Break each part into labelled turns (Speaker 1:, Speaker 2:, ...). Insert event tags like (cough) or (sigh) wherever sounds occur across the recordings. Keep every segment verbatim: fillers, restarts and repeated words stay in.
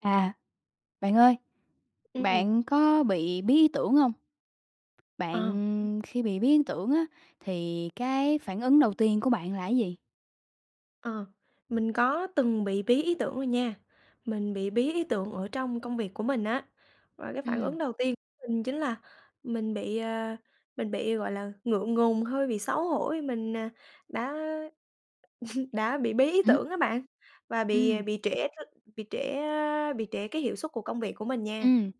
Speaker 1: À, bạn ơi,
Speaker 2: Ừm.
Speaker 1: bạn có bị bí ý tưởng hông?
Speaker 2: Ờ.
Speaker 1: Bạn khi bị bí ý tưởng á thì cái phản ứng đầu tiên của bạn là cái gì?
Speaker 2: Ờ, mình có từng bị bí ý tưởng rồi nha. Mình bị bí ý tưởng ở trong công việc của mình á. Và cái phản ứng
Speaker 1: Ừm.
Speaker 2: đầu tiên mình chính là mình bị, à, mình bị, gọi là, ngượng ngùng, hơi bị xấu hổ vì mình, à, đã (laughs) đã bị bí ý
Speaker 1: Hửm?
Speaker 2: tưởng đó bạn, và bị
Speaker 1: Ừm.
Speaker 2: bị trễ r bị trễ, a, bị trễ cái hiệu suất của công việc của mình nha.
Speaker 1: Ừm.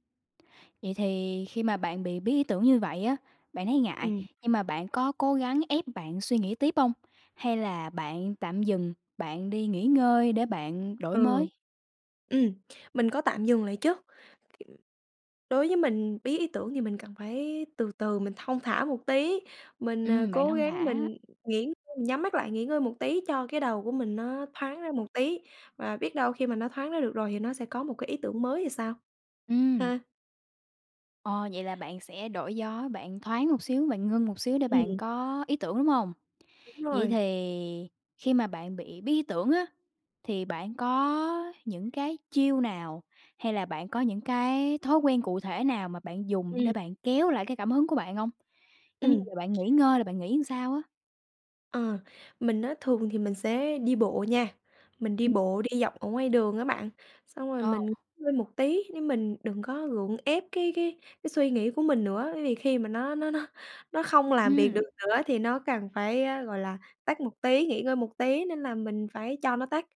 Speaker 1: Vậy thì khi mà bạn bị bí ý tưởng như vậy á, bạn thấy ngại,
Speaker 2: Ừm.
Speaker 1: nhưng mà bạn có cố gắng ép bạn suy nghĩ tiếp hông hay là bạn tạm dừng, bạn đi nghỉ ngơi để bạn đổi
Speaker 2: Ừ.
Speaker 1: mới?
Speaker 2: Ừm, mình có tạm dừng lại chớ. K đối với mình, bí ý tưởng thì mình cần phải từ từ, mình thong thả một tí, mình, à,
Speaker 1: Ừm, bạn
Speaker 2: cố
Speaker 1: thong
Speaker 2: gắng
Speaker 1: thả.
Speaker 2: mình nghỉ ng mình nhắm mắt lại nghỉ ngơi một tí cho cái đầu của mình nó thoáng ra một tí. Và biết đâu khi mà nó thoáng ra được rồi thì nó sẽ có một cái ý tưởng mới thì sao,
Speaker 1: Ừm.
Speaker 2: ha!
Speaker 1: Ờ, vậy là bạn sẽ đổi gió, bạn thoáng một xíu, bạn ngưng một xíu để bạn
Speaker 2: Ừm.
Speaker 1: có ý tưởng, đúng hông?
Speaker 2: Đúng
Speaker 1: Vậy
Speaker 2: rồi.
Speaker 1: thì khi mà bạn bị bí ý tưởng á, thì bạn có những cái chiêu nào hay là bạn có những cái thói quen cụ thể nào mà bạn dùng
Speaker 2: Ừm.
Speaker 1: để bạn kéo lại cái cảm hứng của bạn hông? Giống như
Speaker 2: Ừm.
Speaker 1: giờ bạn nghỉ ngơi là bạn nghỉ làm sao á?
Speaker 2: Ờ. Mình á thường thì mình sẽ đi bộ nha. Mình đi
Speaker 1: Ừm.
Speaker 2: bộ đi dọc ở ngoài đường á bạn, xong rồi
Speaker 1: Ờ.
Speaker 2: mình ngơi một tí, chứ mình đừng có gượng ép cái cái cái suy nghĩ của mình nữa, bởi vì khi mà nó nó nó nó không làm việc được
Speaker 1: Ừm.
Speaker 2: nữa á thì nó cần phải, a, gọi là, tắt một tí, nghỉ ngơi một tí, nên là mình phải cho nó tắt.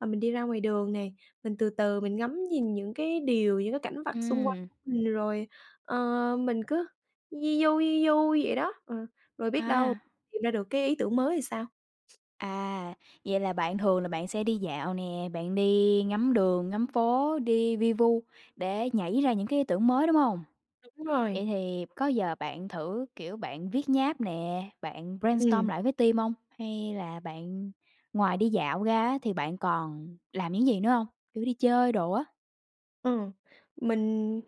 Speaker 2: Và mình đi ra ngoài đường này, mình từ từ mình ngắm nhìn những cái điều, những cái cảnh vật xung quanh
Speaker 1: Ừm.
Speaker 2: rồi, ờ mình cứ vi vu, vi vu vậy đó, ờ, rồi biết đâu
Speaker 1: À.
Speaker 2: tìm ra được cái ý tưởng mới thì sao?
Speaker 1: À, vậy là bạn thường là bạn sẽ đi dạo nè, bạn đi ngắm đường, ngắm phố, đi vi vu để nhảy ra những cái ý tưởng mới, đúng hông?
Speaker 2: Đúng rồi.
Speaker 1: Vậy thì có bao giờ bạn thử, kiểu, bạn viết nháp nè, bạn brainstorm
Speaker 2: Ừm.
Speaker 1: lại với team hông? Hay là bạn ngoài đi dạo ra á thì bạn còn làm những gì nữa hông? Kiểu đi chơi đồ á?
Speaker 2: Ừ, mình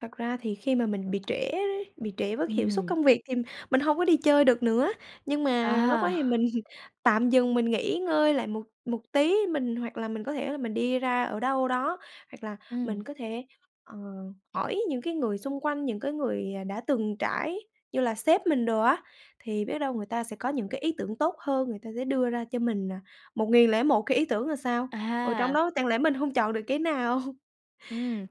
Speaker 2: thật ra thì khi mà mình bị trễ đấy, bị trễ với cái hiệu suất
Speaker 1: Ừm.
Speaker 2: công việc thì mình hông có đi chơi được nữa, nhưng mà lúc đó thì
Speaker 1: À.
Speaker 2: mình tạm dừng, mình nghỉ ngơi lại một một tí. Mình hoặc là mình có thể là mình đi ra ở đâu đó, hoặc là mình
Speaker 1: Ừm.
Speaker 2: có thể, ờ, hỏi những cái người xung quanh, những cái người, à, đã từng trải như là sếp mình đồ á, thì biết đâu người ta sẽ có những cái ý tưởng tốt hơn, người ta sẽ đưa ra cho mình là một nghìn lẻ một cái ý tưởng là sao. Ở trong
Speaker 1: À.
Speaker 2: đó chẳng lẽ mình hông chọn được cái nào?
Speaker 1: Ừm.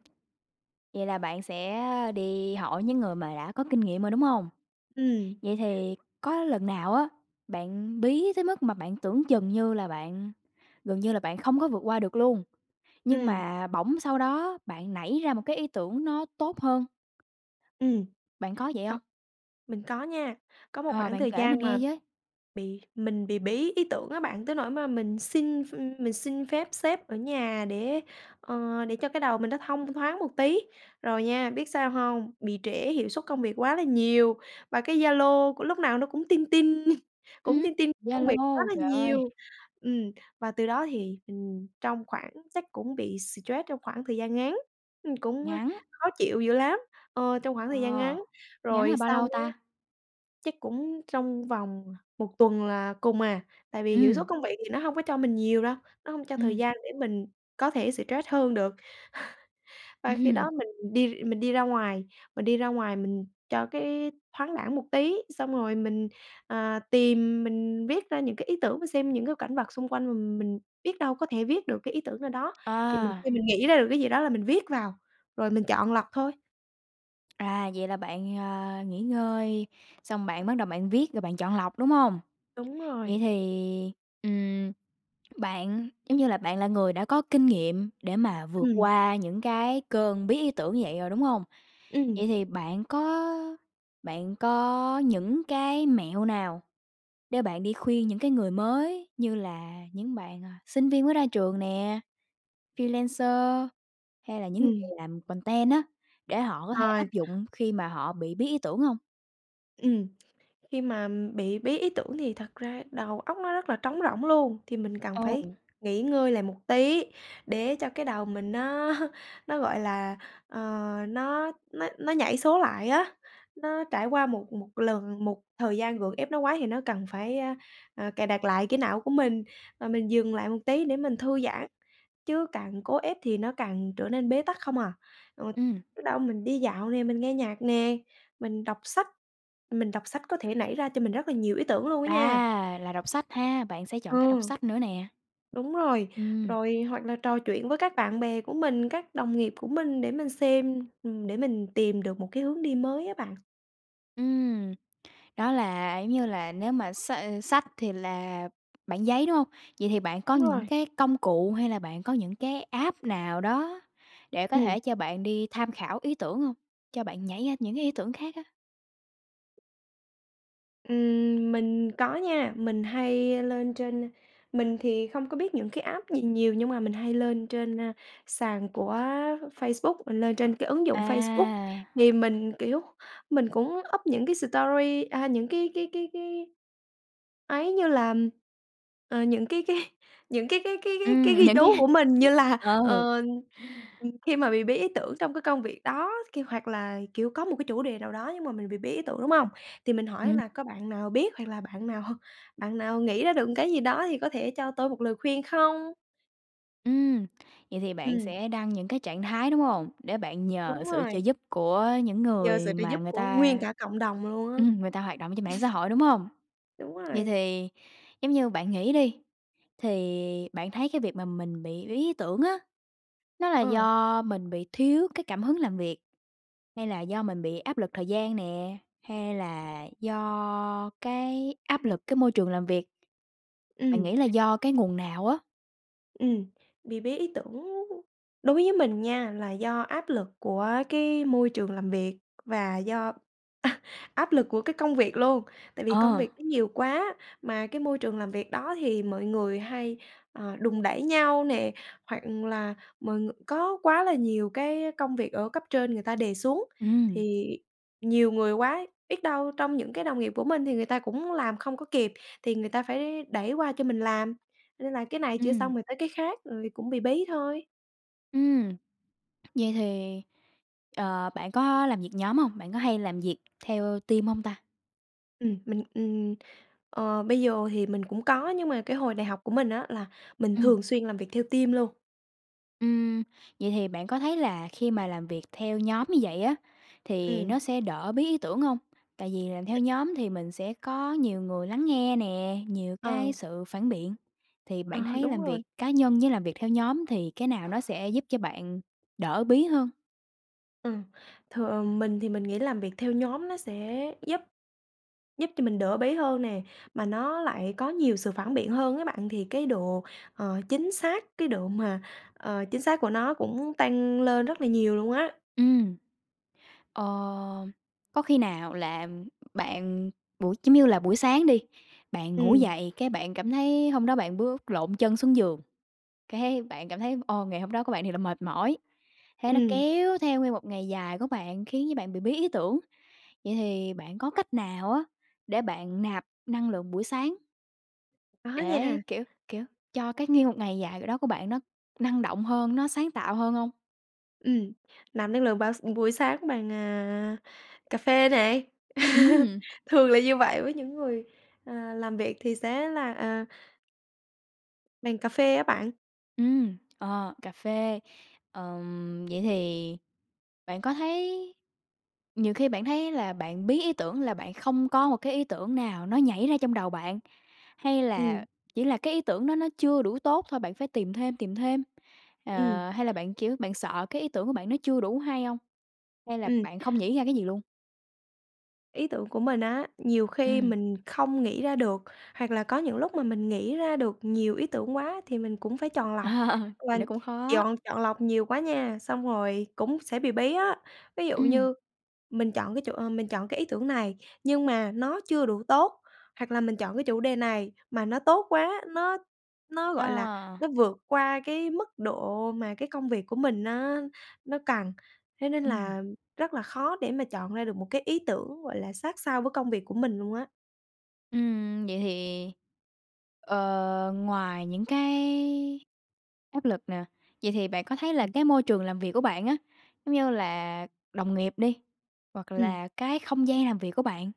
Speaker 1: Vậy là bạn sẽ, a, đi hỏi những người mà đã có kinh nghiệm rồi, đúng hông?
Speaker 2: Ừm.
Speaker 1: Vậy thì có lần nào á, bạn bí tới mức mà bạn tưởng chừng như là bạn gần như là bạn không có vượt qua được luôn, nhưng
Speaker 2: Ừm.
Speaker 1: mà bỗng sau đó bạn nảy ra một cái ý tưởng nó tốt hơn?
Speaker 2: Ừm.
Speaker 1: Bạn có vậy
Speaker 2: Co
Speaker 1: hông?
Speaker 2: mình có nha, có một
Speaker 1: Ờ,
Speaker 2: khoảng
Speaker 1: bạn
Speaker 2: thời
Speaker 1: kể mình
Speaker 2: gian
Speaker 1: nghe
Speaker 2: mà
Speaker 1: với!
Speaker 2: bị mình bị bí ý tưởng á bạn tới nỗi mà mình xin ph mình xin phép sếp ở nhà để, ờ, để cho cái đầu mình nó thông thoáng một tí, rồi nha, biết sao hông? Bị trễ hiệu suất công việc quá là nhiều, và cái Zalo của lúc nào nó cũng tinh tinh, cũng
Speaker 1: Ừm!
Speaker 2: tinh tinh công việc quá
Speaker 1: Zalo,
Speaker 2: là
Speaker 1: trời ơi!
Speaker 2: nhiều. Ừm, và từ đó thì, ừm, trong khoảng chắc cũng bị xì troét trong khoảng thời gian ngắn, ưm, cũng
Speaker 1: Ngắn.
Speaker 2: khó chịu dữ lắm, ờ, trong khoảng thời gian
Speaker 1: Ờ,
Speaker 2: ngắn.
Speaker 1: ngắn
Speaker 2: Rồi
Speaker 1: là bao
Speaker 2: xong
Speaker 1: lâu
Speaker 2: á
Speaker 1: ta?
Speaker 2: chắc cũng trong vòng một tuần là cùng à, tại vì hiệu suất
Speaker 1: Ừm!
Speaker 2: công việc thì nó hông có cho mình nhiều đâu, nó hông cho thời
Speaker 1: Ừm.
Speaker 2: gian để mình có thể xờ trét hơn được. (chuckles) Và khi
Speaker 1: Ừm.
Speaker 2: đó mình đi r mình đi ra ngoài, mình đi ra ngoài mình cho cái thoáng đãng một tí, xong rồi mình, à, tìm, mình viết ra những cái ý tưởng và xem những cảnh vật xung quanh, m mình biết đâu có thể viết được cái ý tưởng ở đó. Thì mình
Speaker 1: À.
Speaker 2: thì mình nghĩ ra được cái gì đó là mình viết vào rồi mình chọn lọc thôi.
Speaker 1: r À, vậy là bạn, à, nghỉ ngơi xong bạn bắt đầu bạn viết rồi bạn chọn lọc, đúng hông?
Speaker 2: Đúng
Speaker 1: Vậy
Speaker 2: rồi.
Speaker 1: thì, ừm, bạn, giống như là, bạn là người đã có kinh nghiệm để mà vượt
Speaker 2: Ừm.
Speaker 1: qua những cái cơn bí ý tưởng như vậy rồi, đúng hông? Vậy
Speaker 2: Ừm.
Speaker 1: thì bạn có bạn có những cái mẹo nào để bạn đi khuyên những cái người mới như là những bạn, à, sinh viên mới ra trường nè, freelancer, hay là những người
Speaker 2: Ừm.
Speaker 1: làm content á, để họ có thể áp
Speaker 2: À.
Speaker 1: dụng khi mà họ bị bí ý tưởng hông?
Speaker 2: Ừm, khi mà bị bí ý tưởng thì thật ra đầu óc nó rất là trống rỗng luôn, thì mình cần
Speaker 1: Ờ.
Speaker 2: phải nghỉ ngơi lại một tí để cho cái đầu mình nó nó, gọi là, ờ, nó nó nó nhảy số lại á. Nó trải qua một một lần một thời gian gượng ép nó quá thì nó cần phải, a, ờ, cài đặt lại cái não của mình, và mình dừng lại một tí để mình thư giãn, chứ càng cố ép thì nó càng trở nên bế tắc không à. Ừ,
Speaker 1: Ừm.
Speaker 2: biết đâu mình đi dạo nè, mình nghe nhạc nè, mình đọc sách mình đọc sách có thể nảy ra cho mình rất là nhiều ý tưởng luôn á nha.
Speaker 1: À, là đọc sách ha? Bạn sẽ chọn cách đọc
Speaker 2: Ừ.
Speaker 1: sách nữa nè.
Speaker 2: Đúng rồi.
Speaker 1: Ừm.
Speaker 2: Rồi hoặc là trò chuyện với các bạn bè của mình, các đồng nghiệp của mình để mình xem, ừm, để mình tìm được một cái hướng đi mới á bạn.
Speaker 1: Ừm. Đó là, giống như là, nếu mà s sách thì là bảng giấy, đúng hông? Vậy thì bạn có
Speaker 2: Đúng
Speaker 1: những
Speaker 2: rồi.
Speaker 1: cái công cụ hay là bạn có những cái app nào đó để có
Speaker 2: Ừm.
Speaker 1: thể cho bạn đi tham khảo ý tưởng hông? Cho bạn nhảy ra những cái ý tưởng khác á?
Speaker 2: Ừm, mình có nha, mình hay lên trên mình thì không có biết những cái app gì nhiều nhưng mà mình hay lên trên, a, sàn của Facebook lên trên cái ứng dụng Facebook.
Speaker 1: À.
Speaker 2: Thì mình, kiểu, mình cũng up những cái story a, những cái cái cái cái ấy như là, ờ, những cái cái những cái cái cái cái cái
Speaker 1: Ừm,
Speaker 2: ghi chú của mình như là,
Speaker 1: ờ.
Speaker 2: ờ, khi mà bị bí ý tưởng trong cái công việc đó kia hoặc là, kiểu, có một cái chủ đề nào đó nhưng mà mình bị bí ý tưởng, đúng hông? Thì mình hỏi
Speaker 1: Ừm.
Speaker 2: là có bạn nào biết hoặc là bạn nào bạn nào nghĩ ra được cái gì đó thì có thể cho tôi một lời khuyên không?
Speaker 1: Ừm. Vậy thì bạn
Speaker 2: Ừm.
Speaker 1: sẽ đăng những cái trạng thái, đúng hông? Để bạn nhờ
Speaker 2: Đúng
Speaker 1: sự trợ
Speaker 2: rồi.
Speaker 1: giúp của những
Speaker 2: Nhờ sự
Speaker 1: người
Speaker 2: trợ
Speaker 1: mà
Speaker 2: giúp
Speaker 1: người
Speaker 2: của
Speaker 1: ta
Speaker 2: nguyên cả cộng đồng luôn á. (chuckles)
Speaker 1: ừm, người ta hoạt động ở trên mạng xã hội, đúng hông?
Speaker 2: Đúng
Speaker 1: Vậy
Speaker 2: rồi.
Speaker 1: thì giống như bạn nghĩ đi, thì bạn thấy cái việc mà mình bị bí ý tưởng á, nó là
Speaker 2: Ờ.
Speaker 1: do mình bị thiếu cái cảm hứng làm việc hay là do mình bị áp lực thời gian nè, hay là do cái áp lực cái môi trường làm việc? Bạn
Speaker 2: Ừm.
Speaker 1: nghĩ là do cái nguồn nào á?
Speaker 2: Ừm, bị bí ý tưởng đối với mình nha là do áp lực của cái môi trường làm việc và do (laughs) áp lực của cái công việc luôn, tại vì công
Speaker 1: Ờ.
Speaker 2: việc nó nhiều quá, mà cái môi trường làm việc đó thì mọi người hay, ờ, đùn đẩy nhau nè, hoặc là mọi người có quá là nhiều cái công việc ở cấp trên người ta đề xuống.
Speaker 1: Ừm.
Speaker 2: Thì nhiều người quá biết đâu trong những cái đồng nghiệp của mình thì người ta cũng làm không có kịp thì người ta phải đẩy qua cho mình làm, nên là cái này chưa
Speaker 1: Ừm.
Speaker 2: xong rồi tới cái khác rồi cũng bị bí thôi.
Speaker 1: Ừm! Vậy thì, ờ, bạn có làm việc nhóm hông? Bạn có hay làm việc theo team hông ta?
Speaker 2: Ừm, mình, ừm, ờ, bây giờ thì mình cũng có nhưng mà cái hồi đại học của mình á, là mình
Speaker 1: Ừm.
Speaker 2: thường xuyên làm việc theo team luôn.
Speaker 1: Ừm. Vậy thì bạn có thấy là khi mà làm việc theo nhóm như vậy á thì
Speaker 2: Ừm.
Speaker 1: nó sẽ đỡ bí ý tưởng hông? Tại vì làm theo nhóm thì mình sẽ có nhiều người lắng nghe nè, nhiều cái
Speaker 2: Ờ.
Speaker 1: sự phản biện. Thì
Speaker 2: Ờ,
Speaker 1: bạn thấy
Speaker 2: đúng
Speaker 1: làm
Speaker 2: rồi.
Speaker 1: việc cá nhân với làm việc theo nhóm thì cái nào nó sẽ giúp cho bạn đỡ bí hơn?
Speaker 2: Ừm, thường mình thì mình nghĩ làm việc theo nhóm nó sẽ giúp giúp cho mình đỡ bí hơn nè, mà nó lại có nhiều sự phản biện hơn á bạn, thì cái độ, ờ, chính xác cái độ mà, ờ, chính xác của nó cũng tăng lên rất là nhiều luôn á.
Speaker 1: Ừm. Ờ, có khi nào là bạn buổi giống như là buổi sáng đi, bạn ngủ
Speaker 2: Ừm.
Speaker 1: dậy cái bạn cảm thấy hôm đó bạn bước lộn chân xuống giường, cái bạn cảm thấy, ô, ngày hôm đó của bạn thiệt là mệt mỏi. Thế nó
Speaker 2: Ừm.
Speaker 1: kéo theo nguyên một ngày dài của bạn, khiến cho bạn bị bí ý tưởng. Vậy thì bạn có cách nào á, để bạn nạp năng lượng buổi sáng?
Speaker 2: Có
Speaker 1: Để,
Speaker 2: nha.
Speaker 1: kiểu, kiểu, cho cái nguyên một ngày dài c đó, của bạn nó năng động hơn, nó sáng tạo hơn hông?
Speaker 2: Ừm, nạp năng lượng bào s buổi sáng bằng, à, cà phê nè. (laughs)
Speaker 1: Ừm.
Speaker 2: Thường là như vậy với những người, à, làm việc thì sẽ là, à bằng cà phê á bạn.
Speaker 1: Ừm, ờ, cà phê. Ờm, vậy thì bạn có thấy nhiều khi bạn thấy là bạn bí ý tưởng là bạn không có một cái ý tưởng nào nó nhảy ra trong đầu bạn, hay
Speaker 2: Ừm.
Speaker 1: là chỉ là cái ý tưởng đó nó chưa đủ tốt thôi, bạn phải tìm thêm, tìm thêm,
Speaker 2: Ừm. r
Speaker 1: ờ, hay là bạn, kiểu, bạn sợ cái ý tưởng của bạn nó chưa đủ hay hông? Hay là
Speaker 2: Ừm.
Speaker 1: bạn không nghĩ ra cái gì luôn?
Speaker 2: Ý tưởng của mình á, nhiều khi
Speaker 1: Ừm.
Speaker 2: mình không nghĩ ra được, hoặc là có những lúc mà mình nghĩ ra được nhiều ý tưởng quá thì mình cũng phải chọn
Speaker 1: Ờ.
Speaker 2: lọc,
Speaker 1: Thì
Speaker 2: và
Speaker 1: nó cũng khó!
Speaker 2: dọn chọn lọc nhiều quá nha, xong rồi cũng sẽ bị bí á. Ví dụ
Speaker 1: Ừm.
Speaker 2: như mình chọn cái chủ mình chọn cái ý tưởng này nhưng mà nó chưa đủ tốt, hoặc là mình chọn cái chủ đề này mà nó tốt quá nó nó, gọi là,
Speaker 1: Ờ!
Speaker 2: nó vượt qua cái mức độ mà cái công việc của mình nó nó cần. Thế nên
Speaker 1: Ừm.
Speaker 2: là rất là khó để mà chọn ra được một cái ý tưởng, gọi là, sát sao với công việc của mình luôn á.
Speaker 1: Ừm, vậy thì, ờ, ngoài những cái áp lực nè, vậy thì bạn có thấy là
Speaker 2: Ừm.
Speaker 1: cái môi trường làm việc của bạn á, giống như là đồng nghiệp đi, hoặc
Speaker 2: Ừm.
Speaker 1: là cái không gian làm việc của bạn,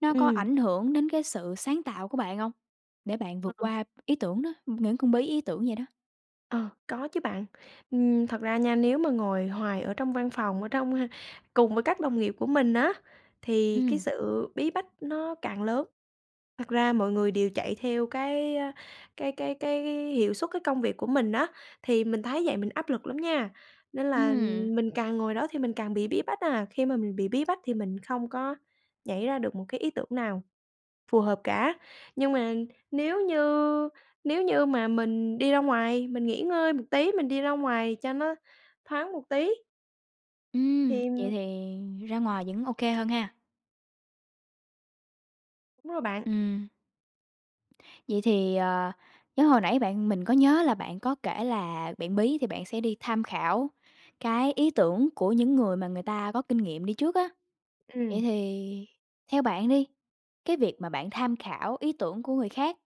Speaker 1: nó có
Speaker 2: Ừm.
Speaker 1: ảnh hưởng đến cái sự sáng tạo của bạn hông, để bạn
Speaker 2: Ờ.
Speaker 1: vượt qua ý tưởng đó những cơn bí ý tưởng vậy đó?
Speaker 2: Ờ, có chứ bạn, ừm, thật ra nha, nếu mà ngồi hoài ở trong văn phòng ở trong, ơ, cùng với các đồng nghiệp của mình á, thì cái
Speaker 1: Ừm.
Speaker 2: sự bí bách nó càng lớn. Thật ra mọi người đều chạy theo cái cái cái cái hiệu suất, cái công việc của mình á, thì mình thấy vậy mình áp lực lắm nha, nên là
Speaker 1: Ừm!
Speaker 2: mình càng ngồi đó thì mình càng bị bí bách à. Khi mà mình bị bí bách thì mình không có nhảy ra được một cái ý tưởng nào phù hợp cả, nhưng mà nếu như nếu như mà mình đi ra ngoài mình nghỉ ngơi một tí, mình đi ra ngoài cho nó thoáng một tí
Speaker 1: Ừm. Vậy
Speaker 2: thì
Speaker 1: thì ra ngoài vẫn OK hơn ha!
Speaker 2: Đúng rồi bạn.
Speaker 1: Ừm. Vậy thì, à, nhớ hồi nãy bạn mình có nhớ là bạn có kể là bạn bí thì bạn sẽ đi tham khảo cái ý tưởng của những người mà người ta có kinh nghiệm đi trước á. Vậy
Speaker 2: Ừm.
Speaker 1: thì theo bạn đi, cái việc mà bạn tham khảo ý tưởng của người khác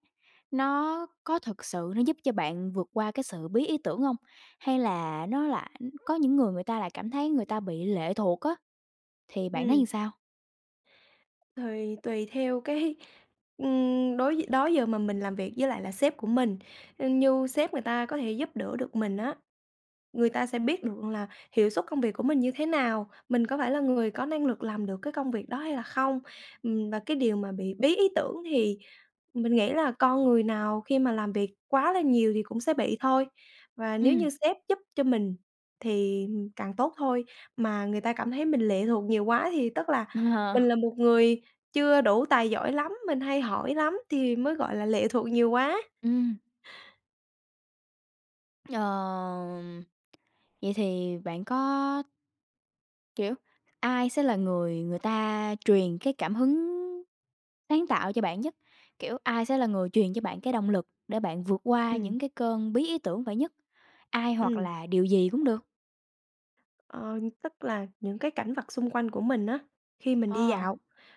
Speaker 1: nó có thật sự nó giúp cho bạn vượt qua cái sự bí ý tưởng hông? Hay là nó lại có những người người ta lại cảm thấy người ta bị lệ thuộc á? Thì bạn thấy
Speaker 2: Ừm.
Speaker 1: sao?
Speaker 2: Thì tùy theo cái, ưm, đối đó giờ mà mình làm việc với lại là sếp của mình, như sếp người ta có thể giúp đỡ được mình á, người ta sẽ biết được là hiệu suất công việc của mình như thế nào, mình có phải là người có năng lực làm được cái công việc đó hay là không. Ừm, và cái điều mà bị bí ý tưởng thì mình nghĩ là con người nào khi mà làm việc quá là nhiều thì cũng sẽ bị thôi. Và nếu
Speaker 1: Ừm.
Speaker 2: như sếp giúp cho mình thì càng tốt thôi, mà người ta cảm thấy mình lệ thuộc nhiều quá thì tức là mình
Speaker 1: Ờ.
Speaker 2: là một người chưa đủ tài giỏi lắm, mình hay hỏi lắm thì mới gọi là lệ thuộc nhiều quá.
Speaker 1: Ừm. Ờ, vậy thì bạn có kiểu, ai sẽ là người người ta truyền cái cảm hứng sáng tạo cho bạn nhất? Kiểu, ai sẽ là người truyền cho bạn cái động lực để bạn vượt qua
Speaker 2: Ừm.
Speaker 1: những cái cơn bí ý tưởng vậy nhất? Ai hoặc
Speaker 2: Ừm.
Speaker 1: là điều gì cũng được?
Speaker 2: Ờ, tức là những cảnh vật xung quanh của mình á khi mình đi
Speaker 1: Ờ.
Speaker 2: dạo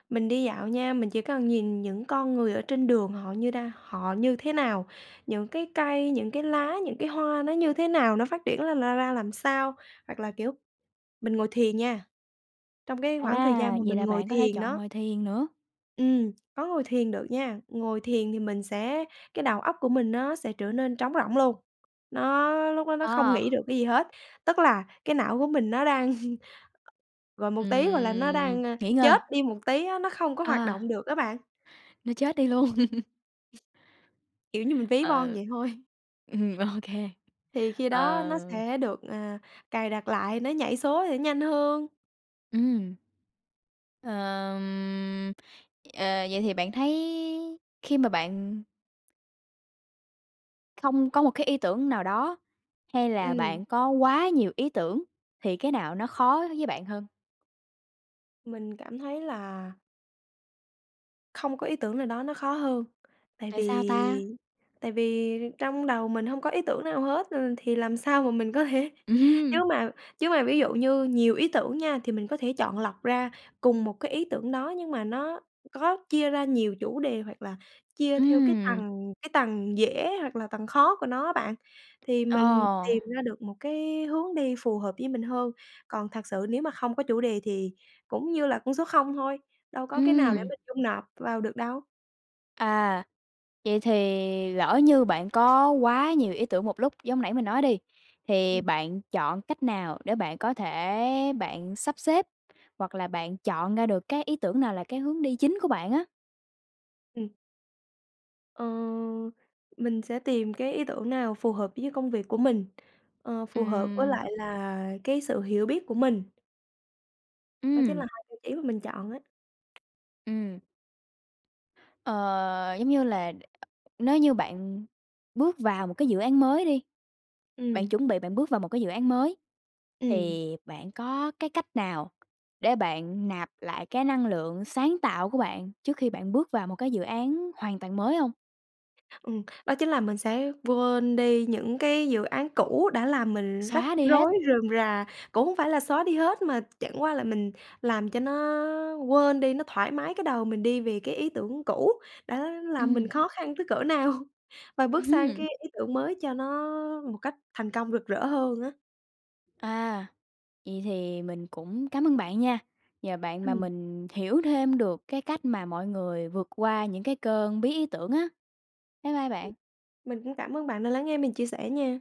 Speaker 2: mình đi dạo nha, mình chỉ cần nhìn những con người ở trên đường họ như đang họ như thế nào, những cái cây, những cái lá, những cái hoa nó như thế nào, nó phát triển là ra ra làm sao. Hoặc là, kiểu, mình ngồi thiền nha, trong cái khoảng thời gian
Speaker 1: À,
Speaker 2: mà
Speaker 1: vậy
Speaker 2: mình
Speaker 1: là
Speaker 2: ngồi
Speaker 1: bạn có thể
Speaker 2: thiền
Speaker 1: chọn
Speaker 2: đó
Speaker 1: ngồi thiền nữa.
Speaker 2: ừm, có ngồi thiền được nha. Ngồi thiền thì mình sẽ cái đầu óc của mình nó sẽ trở nên trống rỗng luôn, nó lúc đó nó không
Speaker 1: Ờ.
Speaker 2: nghĩ được cái gì hết. Tức là cái não của mình nó đang và một tí, gọi là, nó
Speaker 1: Ừm,
Speaker 2: đang
Speaker 1: nghỉ
Speaker 2: chết
Speaker 1: ngơi.
Speaker 2: đi một tí á, nó không có hoạt
Speaker 1: À.
Speaker 2: động được á bạn.
Speaker 1: Nó chết đi luôn!
Speaker 2: (laughs) Kiểu như mình ví von
Speaker 1: Ờ.
Speaker 2: vậy thôi.
Speaker 1: Ừm, OK!
Speaker 2: Thì khi đó nó
Speaker 1: Ờ.
Speaker 2: sẽ được, à, cài đặt lại, nó nhảy số sẽ nhanh hơn.
Speaker 1: Ừm. Ờm, ờ, vậy thì bạn thấy khi mà bạn không có một cái ý tưởng nào đó hay là
Speaker 2: Ừm.
Speaker 1: bạn có quá nhiều ý tưởng, thì cái nào nó khó với bạn hơn?
Speaker 2: Mình cảm thấy là không có ý tưởng nào đó nó khó hơn, tại
Speaker 1: Tại sao ta?
Speaker 2: vì tại vì trong đầu mình hông có ý tưởng nào hết, ừ, thì làm sao mà mình có thể chứ
Speaker 1: Ừm!
Speaker 2: mà chứ mà ví dụ như nhiều ý tưởng nha, thì mình có thể chọn lọc ra cùng một cái ý tưởng đó, nhưng mà nó có chia ra nhiều chủ đề hoặc là chia theo cái
Speaker 1: Ừm.
Speaker 2: tầng cái tầng dễ hoặc là tầng khó của nó á bạn, thì mình
Speaker 1: Ờ.
Speaker 2: tìm ra được một cái hướng đi phù hợp với mình hơn. Còn thật sự nếu mà không có chủ đề thì cũng như là con số không thôi, đâu có cái nào để
Speaker 1: Ừm.
Speaker 2: mình dung nạp vào được đâu.
Speaker 1: À. Vậy thì lỡ như bạn có quá nhiều ý tưởng một lúc giống nãy mình nói đi,
Speaker 2: Ừm.
Speaker 1: thì bạn chọn cách nào để bạn có thể bạn sắp xếp, hoặc là bạn chọn ra được cái ý tưởng nào là cái hướng đi chính của bạn á?
Speaker 2: Ừm. Ờ, mình sẽ tìm cái ý tưởng nào phù hợp với cái công việc của mình, ờ, phù hợp với
Speaker 1: Ừm.
Speaker 2: lại là cái sự hiểu biết của mình. Đó chính
Speaker 1: Ừm.
Speaker 2: là hai tiêu chí mà mình chọn á.
Speaker 1: Ừm. Ờ, giống như là, nếu như bạn bước vào một cái dự án mới đi, bạn
Speaker 2: Ừm.
Speaker 1: chuẩn bị bạn bước vào một cái dự án mới,
Speaker 2: Ừm.
Speaker 1: thì bạn có cái cách nào để bạn nạp lại cái năng lượng sáng tạo của bạn trước khi bạn bước vào một cái dự án hoàn toàn mới hông?
Speaker 2: Ừm, đó chính là mình sẽ quên đi những cái dự án cũ đã làm mình rắc
Speaker 1: Xóa đi hết?
Speaker 2: rối rườm rà. Cũng hông phải là xóa đi hết mà chẳng qua là mình làm cho nó quên đi, nó thoải mái cái đầu mình đi vì cái ý tưởng cũ đã làm mình
Speaker 1: Ừm.
Speaker 2: khó khăn tới cỡ nào, và bước
Speaker 1: Ừm
Speaker 2: sang
Speaker 1: hứm.
Speaker 2: cái ý tưởng mới cho nó một cách thành công rực rỡ hơn á.
Speaker 1: À. Vậy thì mình cũng cám ơn bạn nha, nhờ bạn mà
Speaker 2: Ừm.
Speaker 1: mình hiểu thêm được cái cách mà mọi người vượt qua những cái cơn bí ý tưởng á. Bye bye
Speaker 2: Ừm.
Speaker 1: bạn!
Speaker 2: Mình cũng cảm ơn bạn đã lắng nghe mình chia sẻ nha!